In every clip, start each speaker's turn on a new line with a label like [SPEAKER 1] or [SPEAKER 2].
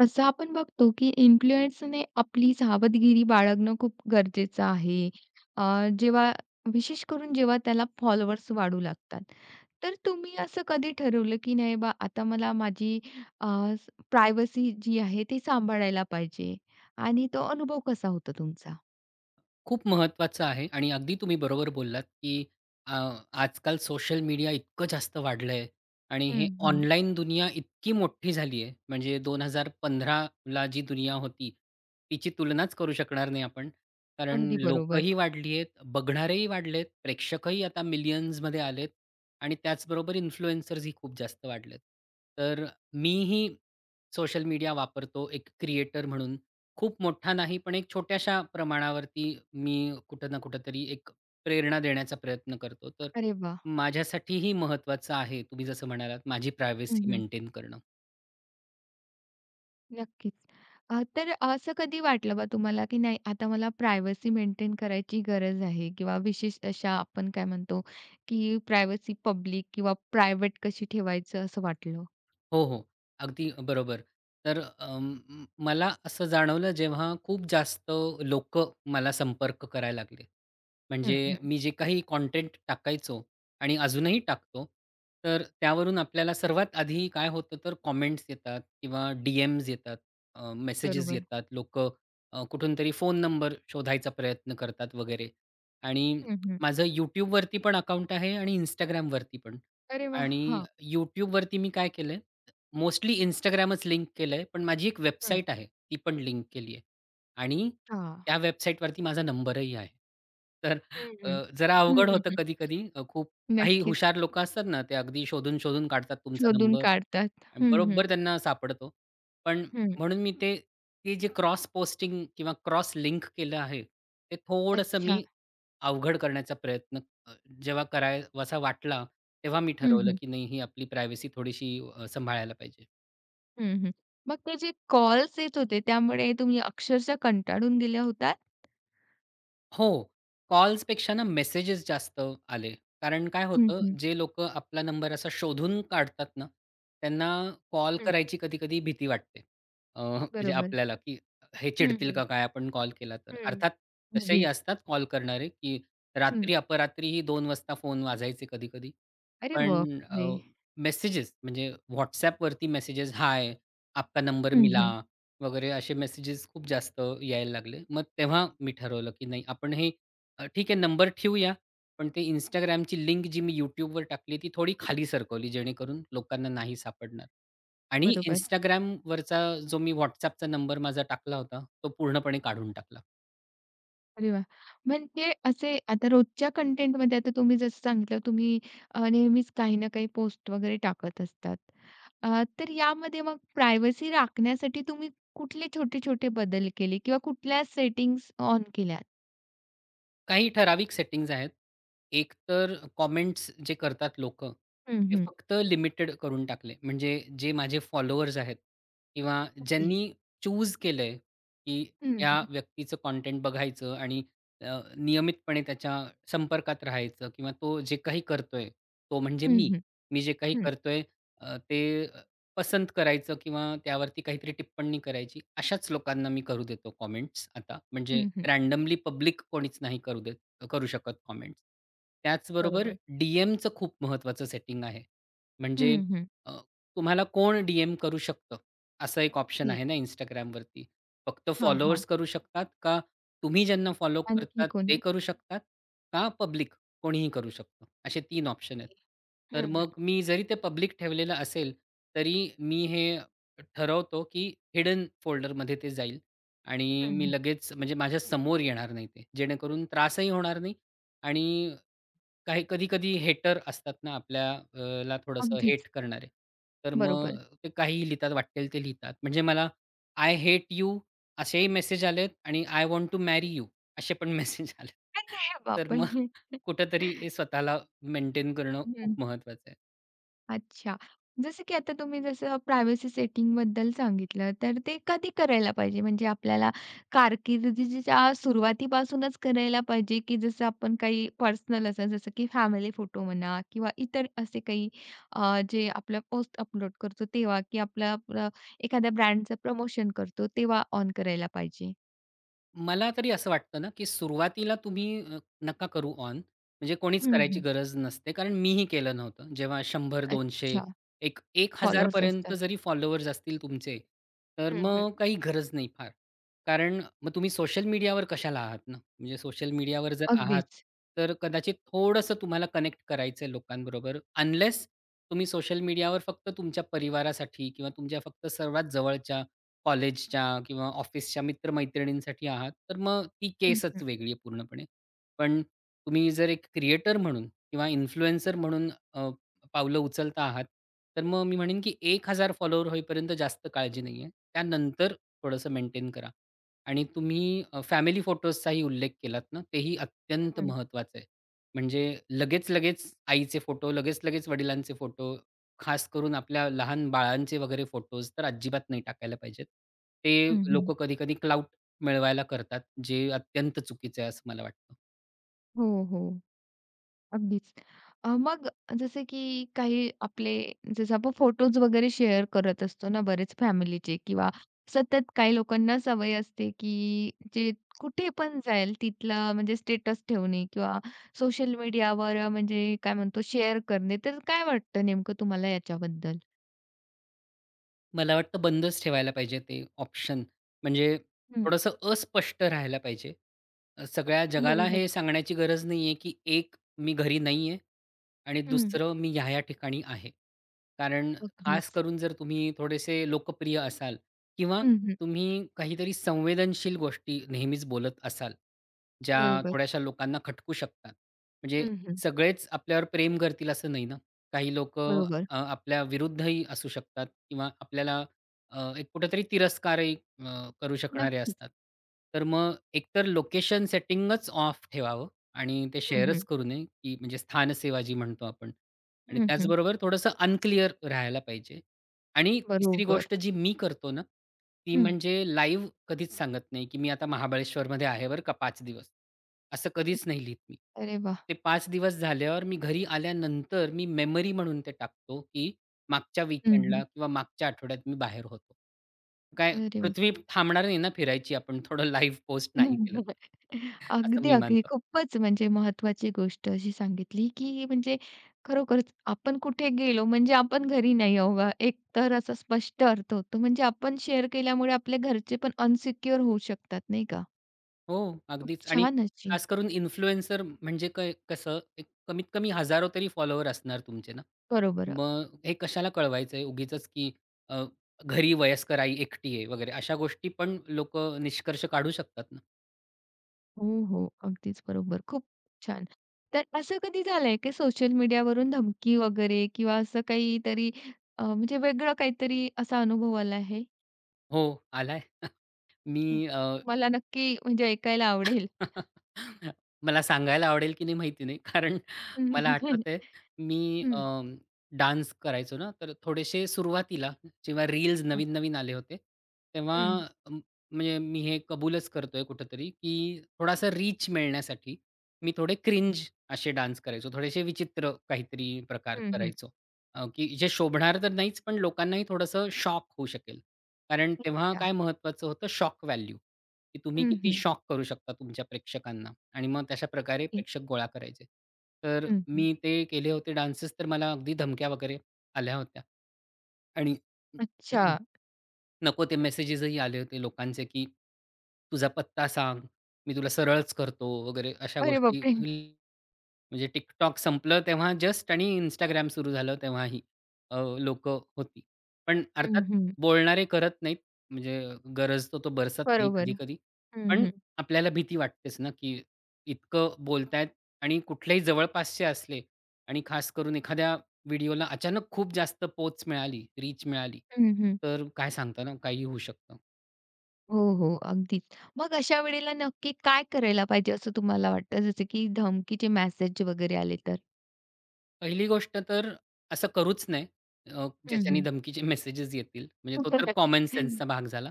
[SPEAKER 1] तसं आपण बघतो, की इन्फ्लुएन्सरने आपली सावधगिरी बाळगणं खूप गरजेचं आहे. अ, जेव्हा विशेषकरून जेव्हा त्याला फॉलोवर्स वाढू लागतात. तर तुम्ही असं कधी ठरवलं, की नाही बा आता मला माझी अ, प्रायव्हसी जी आहे ती सांभाळायला पाहिजे आणि तो अनुभव कसा होतो तुमचा?
[SPEAKER 2] खूप महत्वाचं आहे. आणि अगदी तुम्ही बरोबर बोललात, की अ, आजकाल सोशल मीडिया इतकं जास्त वाढलंय आणि
[SPEAKER 1] हं,
[SPEAKER 2] हे
[SPEAKER 1] हं.
[SPEAKER 2] ऑनलाईन दुनिया इतकी मोठी झाली आहे. म्हणजे 2015ला जी दुनिया होती, तिची तुलनाचं करू शकणार नाही आपण, कारण
[SPEAKER 1] अगदी बरोबर.
[SPEAKER 2] लोकही वाढली आहेत, बघणारेही वाढलेत. प्रेक्षकही आता मिलियन्समध्ये आलेत आणि त्याचबरोबर इन्फ्लुएन्सर्स ही खूप जास्त वाढलेत. तर मीही सोशल मीडिया वापरतो, एक क्रिएटर म्हणून. खूप मोठा नाही पण एक छोट्याशा प्रमाणावरती मी कुठं ना कुठेतरी एक प्रेरणा देण्याचा प्रयत्न करतो. तर
[SPEAKER 1] अरे वाह!
[SPEAKER 2] माझ्यासाठीही महत्वाचं आहे, तुम्ही जसं म्हणालात, माझी
[SPEAKER 1] हं,
[SPEAKER 2] प्रायव्हसी
[SPEAKER 1] हं.
[SPEAKER 2] मेंटेन करणं.
[SPEAKER 1] नक्कीच. अ, तर असं कधी वाटलं, का तुम्हाला की नाही आता मला प्रायव्हसी मेंटेन करायची गरज आहे? किंवा विशेष अशा आपण काय म्हणतो, की प्रायव्हसी पब्लिक किंवा प्रायव्हेट कशी ठेवायचं असं वाटलं?
[SPEAKER 2] हो, हो. अगदी बरोबर. तर अ, म मला असं जाणवलं, जेव्हा खूप जास्त लोकं मला संपर्क करायला लागले.
[SPEAKER 1] हं,
[SPEAKER 2] म्हणजे
[SPEAKER 1] हं.
[SPEAKER 2] मी जे काही कॉन्टेन्ट टाकायचो आणि अजूनही टाकतो. तर त्यावरून आपल्याला सर्वात आधी काय होतं, तर कॉमेंट्स येतात किंवा डीएमस् येतात. अ, मेसेजेस
[SPEAKER 1] बरोबर.
[SPEAKER 2] येतात. लोकं अ, कुठूनतरी फोन नंबर शोधायचा प्रयत्न करतात वगैरे. आणि
[SPEAKER 1] हं, हं.
[SPEAKER 2] माझं YouTubeवरती पण अकाउंट आहे आणि Instagramवरती पण.
[SPEAKER 1] अरे वाह!
[SPEAKER 2] आणि
[SPEAKER 1] हां.
[SPEAKER 2] YouTubeवरती मी काय केलं, मोस्टली Instagramच लिंक केलंय पण माझी एक
[SPEAKER 1] हं.
[SPEAKER 2] वेबसाईट आहे, ती पण लिंक केली आहे. आणि
[SPEAKER 1] हां.
[SPEAKER 2] त्या वेबसाईटवरती माझा नंबरही आहे. तर
[SPEAKER 1] हं,
[SPEAKER 2] अ,
[SPEAKER 1] हं.
[SPEAKER 2] जरा
[SPEAKER 1] हं,
[SPEAKER 2] अवघड होतं
[SPEAKER 1] हं.
[SPEAKER 2] कधी-कधी. खूप काही
[SPEAKER 1] नक्कीच.
[SPEAKER 2] हुशार लोकं असतात ना, ते अगदी शोधून-शोधून काढतात तुमचा
[SPEAKER 1] शोधून
[SPEAKER 2] नंबर
[SPEAKER 1] काढतात.
[SPEAKER 2] आणि
[SPEAKER 1] हं, हं.
[SPEAKER 2] बरोबर त्यांना सापडतो. पण
[SPEAKER 1] हं.
[SPEAKER 2] म्हणून मी ते ती जे क्रॉस पोस्टिंग किंवा क्रॉस लिंक केलं आहे, ते थोडंसं
[SPEAKER 1] अच्छा.
[SPEAKER 2] मी अवघड करण्याचा प्रयत्न अ, जेव्हा कराय वासा वाटला तेव्हा मी
[SPEAKER 1] हं,
[SPEAKER 2] ठरवलं,
[SPEAKER 1] हं.
[SPEAKER 2] की नाही ही आपली प्रायव्हसी थोडीशी अ, सांभाळायला पाहिजे.
[SPEAKER 1] हं, हं. मग ते जे कॉल्स येत होते त्यामुळे तुम्ही अक्षरशः कंटाळून गेल्या होता?
[SPEAKER 2] हो. कॉल्सपेक्षा ना मेसेजेस जास्त आले. कारण काय
[SPEAKER 1] हं,
[SPEAKER 2] होतं,
[SPEAKER 1] हं.
[SPEAKER 2] जे लोकं आपला नंबर असा शोधून काढतात ना, त्यांना कॉल
[SPEAKER 1] हं.
[SPEAKER 2] करायची कधी-कधी भीती वाटते अ, म्हणजे
[SPEAKER 1] बरोबर.
[SPEAKER 2] आपल्याला, की हे
[SPEAKER 1] हं,
[SPEAKER 2] चिडतील
[SPEAKER 1] हं.
[SPEAKER 2] का काय आपण कॉल केला तर.
[SPEAKER 1] हं.
[SPEAKER 2] अर्थात तसेही
[SPEAKER 1] अगदी.
[SPEAKER 2] असतात कॉल करणारे, की
[SPEAKER 1] हं.
[SPEAKER 2] रात्री अपरात्रीही .2:00 फोन वाजायचे कधी-कधी.
[SPEAKER 1] अरे
[SPEAKER 2] पण अ,
[SPEAKER 1] बापरे!
[SPEAKER 2] मेसेजेस म्हणजे WhatsAppवरती मेसेजेस, हाय आपका नंबर
[SPEAKER 1] हं,
[SPEAKER 2] मिला
[SPEAKER 1] हं.
[SPEAKER 2] वगैरे असे मेसेजेस खूप जास्त यायला लागले. मग तेव्हा मी ठरवलं, की नाही आपण हे ठीक आहे नंबर ठेऊया पण ते Instagramची लिंक जी मी YouTubeवर टाकली ती थोडी खाली सरकवली जेणेकरून लोकांना नाही सापडणार आणि
[SPEAKER 1] बरोबर.
[SPEAKER 2] Instagramवरचा जो मी WhatsAppनंबर माझा टाकला होता, तो पूर्णपणे काढून टाकला.
[SPEAKER 1] अरे वाह! म्हणजे असे आता रोजच्या कंटेंटमध्ये आता तुम्ही जसं सांगितलं तुम्ही अ, नेहमीच काही ना काही पोस्ट वगैरे टाकत असतात. अ, तर यामध्ये मग प्रायव्हसी राखण्यासाठी तुम्ही कुठले छोटे छोटे बदल केले किंवा कुठल्या सेटिंग्स ऑन केल्या?
[SPEAKER 2] काही ठराविक सेटिंग्ज आहेत. एक तर कमेंट्स जे करतात लोकं
[SPEAKER 1] हं,
[SPEAKER 2] ते
[SPEAKER 1] हं.
[SPEAKER 2] फक्त लिमिटेड करून टाकले. म्हणजे जे माझे फॉलोवर्स आहेत किंवा
[SPEAKER 1] ओके.
[SPEAKER 2] ज्यांनी चूज केलंय की
[SPEAKER 1] हं,
[SPEAKER 2] या
[SPEAKER 1] हं.
[SPEAKER 2] व्यक्तीचं कंटेंट बघायचं आणि अ, नियमितपणे त्याच्या संपर्कात राहायचं किंवा तो जे काही करतोय तो म्हणजे
[SPEAKER 1] हं,
[SPEAKER 2] मी.
[SPEAKER 1] हं,
[SPEAKER 2] मी जे काही
[SPEAKER 1] हं.
[SPEAKER 2] करतोय ते अ, ते पसंत करायचं किंवा त्यावरती काहीतरी टिप्पणी करायची अशाच लोकांना मी करू देतो कमेंट्स आता. म्हणजे
[SPEAKER 1] हं, हं.
[SPEAKER 2] रँडमली पब्लिक कोणीच नाही करू देत करू शकत कमेंट्स. त्याचबरोबर
[SPEAKER 1] बरोबर.
[SPEAKER 2] डीएमचं खूप महत्त्वाचं सेटिंग आहे. म्हणजे
[SPEAKER 1] हं, हं.
[SPEAKER 2] अ, तुम्हाला कोण डीएम करू शकतं असा एक ऑप्शन
[SPEAKER 1] ओके.
[SPEAKER 2] आहे ना Instagramवरती. फक्त
[SPEAKER 1] हां,
[SPEAKER 2] फॉलोवर्स
[SPEAKER 1] हां.
[SPEAKER 2] करू शकतात? का तुम्ही ज्यांना फॉलो
[SPEAKER 1] आणखी
[SPEAKER 2] करतात ते
[SPEAKER 1] कोणी?
[SPEAKER 2] करू शकतात? का पब्लिक कोणीही करू शकतो? असे 3 ऑप्शन आहेत. तर
[SPEAKER 1] हं, हं.
[SPEAKER 2] मग मी जरी ते पब्लिक ठेवलेलं असेल तरी मी हे ठरवतो की हिडन फोल्डरमध्ये ते जाईल आणि
[SPEAKER 1] हं,
[SPEAKER 2] मी
[SPEAKER 1] हं.
[SPEAKER 2] लगेच म्हणजे माझ्यासमोर येणार नाही ते. जेणेकरून त्रासही होणार नाही आणि काही कधी-कधी हेटर असतात ना आपल्याला थोडंसं
[SPEAKER 1] अगदीच.
[SPEAKER 2] हेट करणारे. तर मग
[SPEAKER 1] बरोबर.
[SPEAKER 2] ते काहीही लिहितात वाटेल ते लिहितात. म्हणजे मला आय हेट यू असेही मेसेज आलेत आणि I want to marry you असे पण मेसेज आलेत.
[SPEAKER 1] अरे
[SPEAKER 2] तर मग
[SPEAKER 1] बापरे!
[SPEAKER 2] कुठेतरी हे स्वतःला मेंटेन करणं
[SPEAKER 1] हं.
[SPEAKER 2] खूप महत्त्वाचं आहे.
[SPEAKER 1] अच्छा. जसं की आता तुम्ही जसं प्रायव्हसी सेटिंगबद्दल सांगितलं. तर ते कधी करायला पाहिजे? म्हणजे आपल्याला कारकिर्दीच्या सुरुवातीपासूनचं करायला पाहिजे की जसं आपण काही पर्सनल अस जसं की फॅमिली फोटो म्हणा किंवा इतर असे काही अ, जे आपलं पोस्ट अपलोड करतो तेव्हा की आपलं आपलं एखाद्या ब्रँडचं प्रमोशन करतो तेव्हा ऑन करायला पाहिजे?
[SPEAKER 2] मला तरी असं वाटतं ना, की सुरुवातीला तुम्ही अ, नका करू ऑन. म्हणजे कोणीचं
[SPEAKER 1] हं,
[SPEAKER 2] करायची
[SPEAKER 1] हं.
[SPEAKER 2] गरज नसते. कारण मी ही केलं नव्हतं. जेव्हा 100, 200
[SPEAKER 1] अच्छा.
[SPEAKER 2] 1- 1
[SPEAKER 1] फॉलोवर्स
[SPEAKER 2] हजारपर्यंत
[SPEAKER 1] असतात.
[SPEAKER 2] जरी फॉलोवर्स असतील तुमचे तर
[SPEAKER 1] हं, हं.
[SPEAKER 2] मग काही गरज नाही फार. कारण मग तुम्ही सोशल मीडियावर कशाला आहात ना? म्हणजे सोशल मीडियावर जर आहात,
[SPEAKER 1] अगदीच
[SPEAKER 2] तर कदाचित थोडंसं तुम्हाला कनेक्ट करायचं आहे लोकांबरोबर अनलेस तुम्ही सोशल मीडियावर फक्त तुमच्या परिवारासाठी किंवा तुमच्या फक्त सर्वात जवळच्या, कॉलेजच्या किंवा ऑफिसच्या मित्रमैत्रिणींसाठी आहात. तर मग ती
[SPEAKER 1] हं, हं.
[SPEAKER 2] केसचं वेगळी आहे पूर्णपणे. पण तुम्ही जर एक क्रिएटर म्हणून किंवा इन्फ्लुएन्सर म्हणून अ, पावलं उचलता आहात, तर मग मी म्हणेन की 1 हजार फॉलोवर्स होईपर्यंत जास्त काळजी नाही आहे. त्यानंतर थोडंसं मेंटेन करा. आणि तुम्ही अ, फॅमिली फोटोजचाही उल्लेख केलात ना. ते ही
[SPEAKER 1] हं,
[SPEAKER 2] अत्यंत
[SPEAKER 1] हं.
[SPEAKER 2] महत्वाचं आहे. म्हणजे लगेचं-लगेचं आईचे फोटो, लगेचं-लगेचं वडिलांचे फोटो. खास करून आपल्या लहान बाळांचे वगैरे फोटोज तर अजिबात नाही टाकायला पाहिजेत. ते
[SPEAKER 1] हं, हं.
[SPEAKER 2] लोकं कधी-कधी क्लाउट मिळवायला करतात. जे अत्यंत चुकीचं आहे असं मला वाटतं.
[SPEAKER 1] हो, हो. अगदीच. अ, मग जसं की काही आपले जसं आपण फोटोस वगैरे शेअर करत असतो ना, बरेच फॅमिलीचे किंवा सतत काही लोकांनाच सवय असते, की जे कुठेपण जाईल तिथला म्हणजे स्टेटस ठेवणे किंवा सोशल मीडियावर म्हणजे काय म्हणतो, शेअर करणे तर काय वाटतं नेमकं तुम्हाला याच्याबद्दल?
[SPEAKER 2] मला वाटतं बंदच ठेवायला पाहिजे ते ऑप्शन, म्हणजे
[SPEAKER 1] हं.
[SPEAKER 2] थोडंसं अस्पष्ट राहायला पाहिजे. अ, सगळ्या जगाला
[SPEAKER 1] बरोबर.
[SPEAKER 2] हे सांगण्याची गरज नाहीये, की एक मी घरी नाहीये आणि
[SPEAKER 1] हं.
[SPEAKER 2] दुसरं मी ह्या-ह्या ठिकाणी आहे. कारण खास
[SPEAKER 1] अगदीच.
[SPEAKER 2] करून जर तुम्ही थोडेसे लोकप्रिय असाल किंवा
[SPEAKER 1] हं, हं.
[SPEAKER 2] तुम्ही काहीतरी संवेदनशील गोष्टी नेहमीच बोलत असाल, ज्या
[SPEAKER 1] बरोबर.
[SPEAKER 2] थोड्याश्या लोकांना खटकू शकतात. म्हणजे
[SPEAKER 1] हं, हं.
[SPEAKER 2] सगळेच आपल्यावर प्रेम करतील असं नाही ना. काही लोकं
[SPEAKER 1] बरोबर.
[SPEAKER 2] अ, आपल्या विरुद्धही असू शकतात किंवा आपल्याला अ, एक कुठेतरी तिरस्कारही अ, करू शकणारे
[SPEAKER 1] नक्कीच.
[SPEAKER 2] असतात. तर मग एक तर लोकेशन सेटिंगच ऑफ ठेवावं आणि ते
[SPEAKER 1] हं,
[SPEAKER 2] शेअरच
[SPEAKER 1] हं.
[SPEAKER 2] करू नये, की म्हणजे स्थान सेवा जी म्हणतो आपण. आणि
[SPEAKER 1] हं, हं.
[SPEAKER 2] त्याचबरोबर थोडंसं अनक्लिअर राहायला पाहिजे. आणि तिसरी
[SPEAKER 1] बरोबर.
[SPEAKER 2] गोष्ट जी मी करतो ना, ती
[SPEAKER 1] हं.
[SPEAKER 2] म्हणजे लाईव्ह कधीच सांगत नाही, की मी आता महाबळेश्वरमध्ये आहे बरं का पाच दिवस. असं
[SPEAKER 1] हं.
[SPEAKER 2] कधीच नाही लिहीत मी.
[SPEAKER 1] अरे वाह!
[SPEAKER 2] ते 5 दिवस झाल्यावर मी घरी आल्यानंतर मी मेमरी म्हणून ते टाकतो, की मागच्या
[SPEAKER 1] हं,
[SPEAKER 2] वीकेंडला
[SPEAKER 1] हं.
[SPEAKER 2] किंवा मागच्या आठवड्यात मी बाहेर होतो. काय
[SPEAKER 1] अरे
[SPEAKER 2] पृथ्वी
[SPEAKER 1] वाह!
[SPEAKER 2] थांबणार नाही ना फिरायची आपण थोडं लाईव्ह पोस्ट नाही केलं असं
[SPEAKER 1] अगदी,
[SPEAKER 2] मी
[SPEAKER 1] अगदी.
[SPEAKER 2] मानतो.
[SPEAKER 1] खूपच म्हणजे महत्वाची गोष्ट अशी सांगितली, की म्हणजे खरोखरच आपण कुठे गेलो म्हणजे आपण घरी नाही आहो बा. एक तर असा स्पष्ट अर्थ होतो. म्हणजे आपण शेअर केल्यामुळे आपले घरचेपण अनसिक्युअर होऊ शकतात नाही का?
[SPEAKER 2] हो.
[SPEAKER 1] खूप
[SPEAKER 2] अगदीच आणि
[SPEAKER 1] छान अशी.
[SPEAKER 2] खास करून इन्फ्लुएन्सर म्हणजे कय कसं एक कमीत कमी हजारो तरी फॉलोवर असणार तुमचे ना.
[SPEAKER 1] बरोबर. अ.
[SPEAKER 2] मगं हे कशाला कळवायचंय उगीचच, की अ घरी वयस्कर आई एकटी आहे, वगैरे अशा गोष्टी पण लोकं निष्कर्ष काढू शकतात ना.
[SPEAKER 1] हो, हो. अगदीच बरोबर. खूप छान. तर असं कधी झालंय की सोशल मीडियावरून धमकी वगैरे? किंवा असं काहीतरी अ, म्हणजे वेगळं काहीतरी असा अनुभव आला आहे?
[SPEAKER 2] हो. आलाय.
[SPEAKER 1] हं.
[SPEAKER 2] मी अ.
[SPEAKER 1] मला नक्की म्हणजे ऐकायला आवडेल.
[SPEAKER 2] मला सांगायला आवडेल की नाही माहिती नाही. कारण मला
[SPEAKER 1] [unintelligible]
[SPEAKER 2] आठवतंय, मी अ,
[SPEAKER 1] हं.
[SPEAKER 2] डान्स करायचो ना तर थोडेशे सुरुवातीला, जेव्हा रील्स
[SPEAKER 1] हं.
[SPEAKER 2] नवीन नवीन आले होते. तेव्हा
[SPEAKER 1] हं.
[SPEAKER 2] अ, म्हणजे मी हे कबूलच करतोय कुठेतरी की थोडासा रीच मिळण्यासाठी, मी थोडे
[SPEAKER 1] हं.
[SPEAKER 2] क्रिंज अशे डान्स करायचो. थोडेशे विचित्र, काहीतरी प्रकार
[SPEAKER 1] हं, हं.
[SPEAKER 2] करायचो. अ, की जे शोभणार तर नाहीच पण लोकांनाही थोडंसं शॉक होऊ शकेल. कारण तेव्हा
[SPEAKER 1] अच्छा.
[SPEAKER 2] काय महत्वाचं होतं? शॉक व्हॅल्यू की तुम्ही
[SPEAKER 1] हं,
[SPEAKER 2] किती
[SPEAKER 1] हं.
[SPEAKER 2] शॉक करू शकता तुमच्या प्रेक्षकांना आणि मग तशाप्रकारे
[SPEAKER 1] [unintelligible]
[SPEAKER 2] प्रेक्षक गोळा करायचे. तर
[SPEAKER 1] हं, हं.
[SPEAKER 2] मी ते केले होते डान्सेस तर मला अगदी धमक्या वगैरे आल्या होत्या. आणि
[SPEAKER 1] अच्छा.
[SPEAKER 2] नको ते मेसेजेस ही आले होते लोकांचे, की तुझा पत्ता सांग मी तुला सरळच करतो वगैरे अशा
[SPEAKER 1] अरे
[SPEAKER 2] गोष्टी
[SPEAKER 1] बापरे!
[SPEAKER 2] म्हणजे TikTok संपलं तेव्हा जस्ट आणि Instagram सुरू झालं तेव्हाही अ, लोकं होती. पण अर्थात
[SPEAKER 1] हं, हं.
[SPEAKER 2] बोलणारे करत नाहीत. म्हणजे 'गरजतो तो बरसत नाही'
[SPEAKER 1] बरोबर.
[SPEAKER 2] कधी-कधी.
[SPEAKER 1] हं,
[SPEAKER 2] पण
[SPEAKER 1] हं.
[SPEAKER 2] आपल्याला भीती वाटतेच ना, की इतकं बोलतायेत आणि कुठलेही जवळपासचे असले आणि खास करून एखाद्या व्हिडिओला अचानक खूप जास्त पोहच मिळाली, रीच मिळाली.
[SPEAKER 1] हं, हं.
[SPEAKER 2] तर काय सांगता ना, काहीही होऊ शकतं.
[SPEAKER 1] हो, हो. अगदीच. मग अशा वेळेला नक्की काय करायला पाहिजे असं तुम्हाला वाटतं जसं की धमकीचे मेसेज वगैरे आले तर?
[SPEAKER 2] पहिली गोष्ट तर, असं करूच नये अ,
[SPEAKER 1] हं,
[SPEAKER 2] ज्याच्याने
[SPEAKER 1] हं.
[SPEAKER 2] धमकीचे मेसेजेस येतील म्हणजे तो
[SPEAKER 1] खुपचं
[SPEAKER 2] तर कॉमन सेन्सचा
[SPEAKER 1] [unintelligible]
[SPEAKER 2] भाग झाला.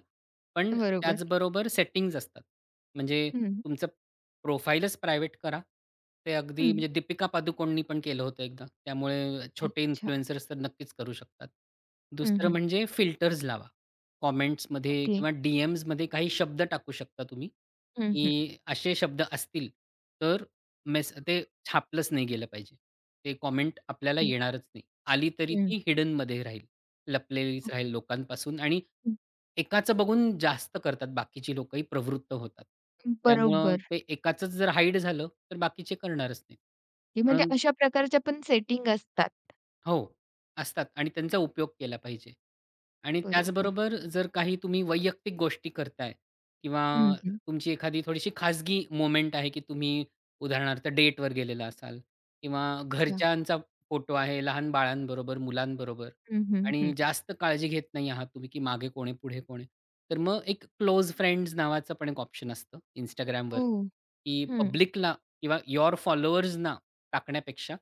[SPEAKER 2] पण
[SPEAKER 1] बरोबर.
[SPEAKER 2] त्याचबरोबर सेटिंग्ज असतात. म्हणजे
[SPEAKER 1] हं.
[SPEAKER 2] तुमचं प्रोफाइलच प्रायव्हेट करा. ते अगदी
[SPEAKER 1] हं.
[SPEAKER 2] म्हणजे दीपिका पादुकोणनी पण केलं होतं एकदा. त्यामुळे छोटे
[SPEAKER 1] अच्छा.
[SPEAKER 2] इन्फ्लुएंसर्स तर नक्कीच करू शकतात.
[SPEAKER 1] हं,
[SPEAKER 2] दुसरं
[SPEAKER 1] हं.
[SPEAKER 2] म्हणजे फिल्टर्स लावा. कॉमेंट्समध्ये
[SPEAKER 1] ओके.
[SPEAKER 2] किंवा डीएमज मध्ये काही शब्द टाकू शकता तुम्ही
[SPEAKER 1] हं, हं.
[SPEAKER 2] की असे शब्द असतील तर मेस ते छापलंच नाही गेलं पाहिजे. ते कॉमेंट आपल्याला
[SPEAKER 1] ओके.
[SPEAKER 2] येणारच नाही. आली तरी ती
[SPEAKER 1] हं.
[SPEAKER 2] हिडन मध्ये राहील. लपलेलीच
[SPEAKER 1] ओके.
[SPEAKER 2] राहील लोकांपासून आणि
[SPEAKER 1] हं.
[SPEAKER 2] एकाचं बघून जास्त करतात बाकीची लोकं ही प्रवृत्त होतात.
[SPEAKER 1] अं,
[SPEAKER 2] त्यामुळे
[SPEAKER 1] बरोबर.
[SPEAKER 2] ते एकाचंच जर हाईड झालं तर बाकीचे करणारच नाही.
[SPEAKER 1] की म्हणजे
[SPEAKER 2] म्हणून
[SPEAKER 1] अशा प्रकारच्या पण सेटिंग असतात.
[SPEAKER 2] हो. असतात आणि त्यांचा उपयोग केला पाहिजे. आणि
[SPEAKER 1] बरोबर.
[SPEAKER 2] त्याचबरोबर जर काही तुम्ही वैयक्तिक गोष्टी करताय किंवा
[SPEAKER 1] हं, हं.
[SPEAKER 2] तुमची एखादी थोडीशी खाजगी मोमेंट आहे की तुम्ही उदाहरणार्थ डेटवर गेलेला असाल किंवा
[SPEAKER 1] अच्छा.
[SPEAKER 2] घरच्यांचा फोटो आहे लहान बाळांबरोबर मुलांबरोबर
[SPEAKER 1] हं, हं,
[SPEAKER 2] आणि
[SPEAKER 1] हं.
[SPEAKER 2] जास्त काळजी घेत नाही आहात तुम्ही की मागे कोण आहे, पुढे कोण आहे. तर मग एक क्लोज फ्रेंड्स नावाचा पण एक ऑप्शन असतं Instagramवर,
[SPEAKER 1] हो.
[SPEAKER 2] की
[SPEAKER 1] हं.
[SPEAKER 2] पब्लिकला किंवा यूअर फॉलोवर्सना टाकण्यापेक्षा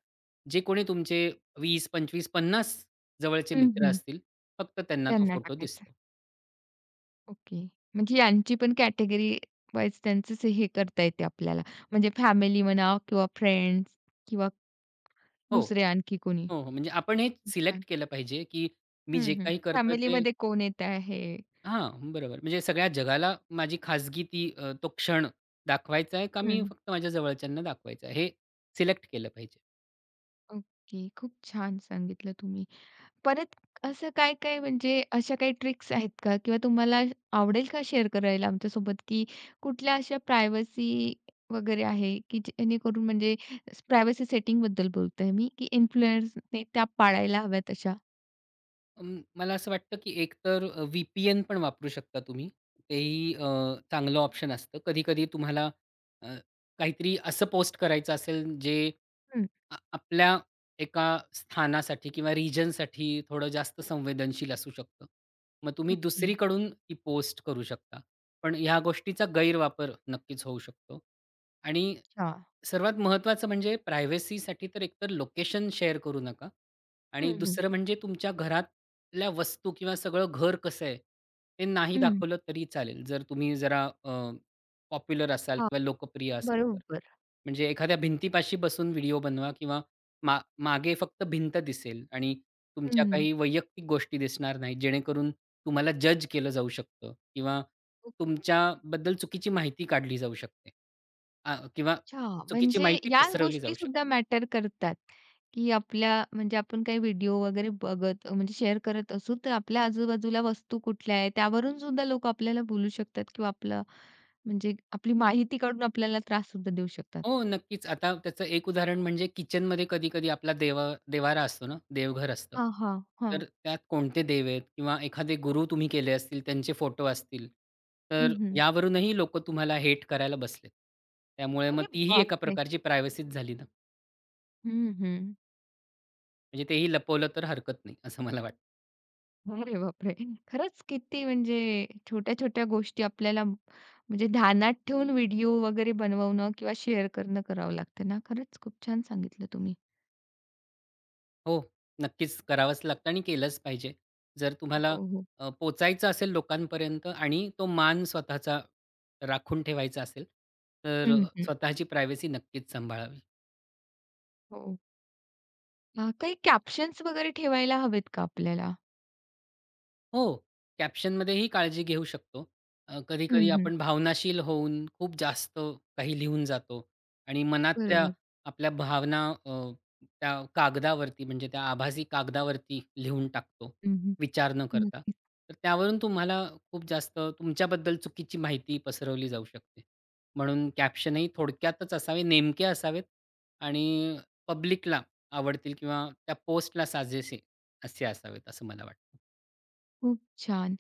[SPEAKER 2] जे कोणी तुमचे 20-25-50 जवळचे
[SPEAKER 1] हं,
[SPEAKER 2] मित्र
[SPEAKER 1] हं.
[SPEAKER 2] असतील फक्त त्यांना तो
[SPEAKER 1] त्यांना
[SPEAKER 2] फोटो
[SPEAKER 1] टाकायचं.
[SPEAKER 2] दिसतो.
[SPEAKER 1] ओके, म्हणजे यांची पण कॅटेगरी वाईज त्यांचच हे करता येते आपल्याला, म्हणजे फॅमिली म्हणा किंवा फ्रेंड्स किंवा
[SPEAKER 2] हो.
[SPEAKER 1] दुसरे आणखी कोणी.
[SPEAKER 2] हो, हो. म्हणजे आपण हे
[SPEAKER 1] खूप छान.
[SPEAKER 2] सिलेक्ट केलं पाहिजे, की मी
[SPEAKER 1] हं,
[SPEAKER 2] जे
[SPEAKER 1] हं,
[SPEAKER 2] काही करतोय ते
[SPEAKER 1] फॅमिलीमध्ये कोण येत आहे?
[SPEAKER 2] हां, बरोबर. म्हणजे सगळ्या जगाला माझी खाजगी ती अ, तो क्षण दाखवायचा आहे का मी
[SPEAKER 1] हं.
[SPEAKER 2] फक्त माझ्या जवळच्यांना दाखवायचा आहे. हे सिलेक्ट केलं पाहिजे.
[SPEAKER 1] ओके, खूप छान सांगितलं तुम्ही. परत असं काय-काय म्हणजे अशा काही ट्रिक्स आहेत का? किंवा तुम्हाला आवडेल का, की शेअर करायला आमच्यासोबत की कुठल्या अशा प्रायव्हसी वगैरे आहे, की जेणेकरून म्हणजे प्रायव्हसी सेटिंगबद्दल बोलत आहे मी, की इन्फ्लुएन्सर्सने त्या पाळायला हव्यात अशा?
[SPEAKER 2] अं, मला असं वाटतं, की एकतर अ, व्ही-पी-एन पण वापरू शकता तुम्ही, तेही अ, चांगलं ऑप्शन असतं. कधी-कधी तुम्हाला अ, काहीतरी असं पोस्ट करायचं असेल, जे
[SPEAKER 1] हं.
[SPEAKER 2] आ आपल्या एका स्थानासाठी किंवा रिजनसाठी थोडं जास्त संवेदनशील असू शकतं. मग तुम्ही
[SPEAKER 1] ओके.
[SPEAKER 2] दुसरीकडून ती पोस्ट करू शकता. पण ह्या गोष्टीचा गैरवापर नक्कीच होऊ शकतो. आणि
[SPEAKER 1] अच्छा.
[SPEAKER 2] सर्वात महत्वाचं म्हणजे प्रायव्हसीसाठी तर एकतर लोकेशन शेअर करू नका आणि
[SPEAKER 1] हं, हं.
[SPEAKER 2] दुसरं म्हणजे तुमच्या घरातल्या वस्तू किंवा सगळं घर कसं आहे, ते नाही
[SPEAKER 1] हं.
[SPEAKER 2] दाखवलं तरी चालेल. जर तुम्ही जरा अ, पॉप्युलर असाल
[SPEAKER 1] हां,
[SPEAKER 2] किंवा लोकप्रिय असाल तर.
[SPEAKER 1] बरोबर.
[SPEAKER 2] म्हणजे एखाद्या भिंतीपाशी बसून व्हिडिओ बनवा किंवा मा मागे फक्त भिंत दिसेल आणि तुमच्या
[SPEAKER 1] हं.
[SPEAKER 2] काही वैयक्तिक गोष्टी दिसणार नाही, जेणेकरून तुम्हाला जज केलं जाऊ शकतं किंवा तुमच्याबद्दल चुकीची माहिती काढली जाऊ शकते. आ किंवा
[SPEAKER 1] अच्छा,
[SPEAKER 2] चुकीची
[SPEAKER 1] म्हणजे
[SPEAKER 2] माहिती
[SPEAKER 1] ह्या
[SPEAKER 2] पसरवली जाऊ शकते.
[SPEAKER 1] गोष्टीसुद्धा मॅटर करतात, की आपल्या, म्हणजे आपण काही व्हिडिओ वगैरे बघत म्हणजे शेअर करत असू, तर आपल्या आजूबाजूला वस्तू कुठल्या आहेत, त्यावरूनसुद्धा लोकं आपल्याला बोलू शकतात किंवा आपलं म्हणजे आपली माहिती काढून आपल्याला त्राससुद्धा देऊ शकतात.
[SPEAKER 2] हो नक्कीच. आता त्याचं एक उदाहरण म्हणजे किचनमध्ये कधी-कधी आपला देवा देव्हारा असतो ना, देवघर असतं.
[SPEAKER 1] हां, हां, हां.
[SPEAKER 2] तर त्यात कोणते देव आहेत किंवा एखादे गुरु तुम्ही केले असतील, त्यांचे फोटो असतील,
[SPEAKER 1] हं,
[SPEAKER 2] तर
[SPEAKER 1] हं.
[SPEAKER 2] यावरूनही लोकं तुम्हाला हेट करायला बसलेत. त्यामुळे मग
[SPEAKER 1] अरे
[SPEAKER 2] तीही एका
[SPEAKER 1] बापरे!
[SPEAKER 2] प्रकारची प्रायव्हसीच झाली ना?
[SPEAKER 1] हं, हं.
[SPEAKER 2] म्हणजे तेही लपवलं तर हरकत नाही असं मला वाटतं.
[SPEAKER 1] अरे बापरे! खरंच किती म्हणजे अ, छोट्या-छोट्या गोष्टी आपल्याला म्हणजे ध्यानात ठेवून व्हिडिओ वगैरे बनवणं किंवा शेअर करणं करावं लागतं ना? खरंच खूप छान सांगितलं तुम्ही.
[SPEAKER 2] हो. नक्कीच करावंच लागतं आणि केलंच पाहिजे. जर
[SPEAKER 1] हो,
[SPEAKER 2] तुम्हाला
[SPEAKER 1] हो.
[SPEAKER 2] अ, पोहचायचं असेल लोकांपर्यंत आणि तो मान स्वतःचा राखून ठेवायचा असेल तर
[SPEAKER 1] हं, हं.
[SPEAKER 2] स्वतःची प्रायव्हसी नक्कीच सांभाळावी.
[SPEAKER 1] हो. अ, काही कॅप्शन्स वगैरे ठेवायला हवेत का आपल्याला?
[SPEAKER 2] हो. कॅप्शनमध्ये ही काळजी घेऊ शकतो. अ,
[SPEAKER 1] हं,
[SPEAKER 2] कधी-कधी
[SPEAKER 1] हं.
[SPEAKER 2] आपण भावनाशील होऊन, खूप जास्त काही लिहून जातो. आणि मनातल्या
[SPEAKER 1] बरोबर.
[SPEAKER 2] आपल्या भावना अ, त्या कागदावरती म्हणजे त्या आभासी कागदावरती लिहून टाकतो.
[SPEAKER 1] हं, हं.
[SPEAKER 2] विचार न करता.
[SPEAKER 1] नक्कीच!
[SPEAKER 2] तर त्यावरून तुम्हाला खूप जास्त तुमच्याबद्दल चुकीची माहिती पसरवली जाऊ शकते. म्हणून कॅप्शन ही थोडक्यातच असावे, नेमके असावेत आणि पब्लिकला आवडतील किंवा त्या पोस्टला साजेसे असे असावेत असं मला वाटतं.
[SPEAKER 1] खूप छान.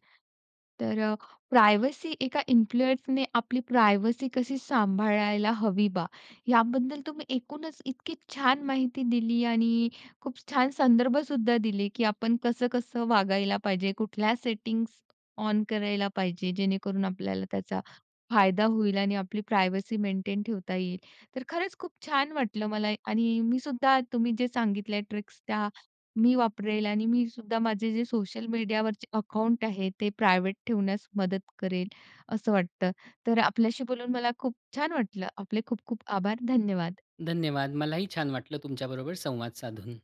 [SPEAKER 1] तर प्रायव्हसी एका इन्फ्लुएन्सरने आपली प्रायव्हसी कशी सांभाळायला हवी बा. याबद्दल तुम्ही एकूणच इतकी छान माहिती दिली आणि अ, खूप छान संदर्भसुद्धा दिले की आपण कसं-कसं वागायला पाहिजे. कुठल्या सेटिंग्स ऑन करायला पाहिजे जेणेकरून आपल्याला त्याचा फायदा होईल आणि आपली प्रायव्हसी मेंटेन ठेवता येईल. तर खरंच खूप छान वाटलं मला आणि मी सुद्धा तुम्ही जे सांगितलाय ट्रिक्स त्या मी वापरेल आणि मी सुद्धा माझे जे सोशल मीडियावरचे अकाउंट आहे ते प्रायव्हेट ठेवण्यास मदत करेल असं वाटतं. तर आपल्याशी बोलून मला खूप छान वाटलं. आपले खूप खूप आभार. धन्यवाद.
[SPEAKER 2] धन्यवाद. मलाही छान वाटलं तुमच्याबरोबर संवाद साधून.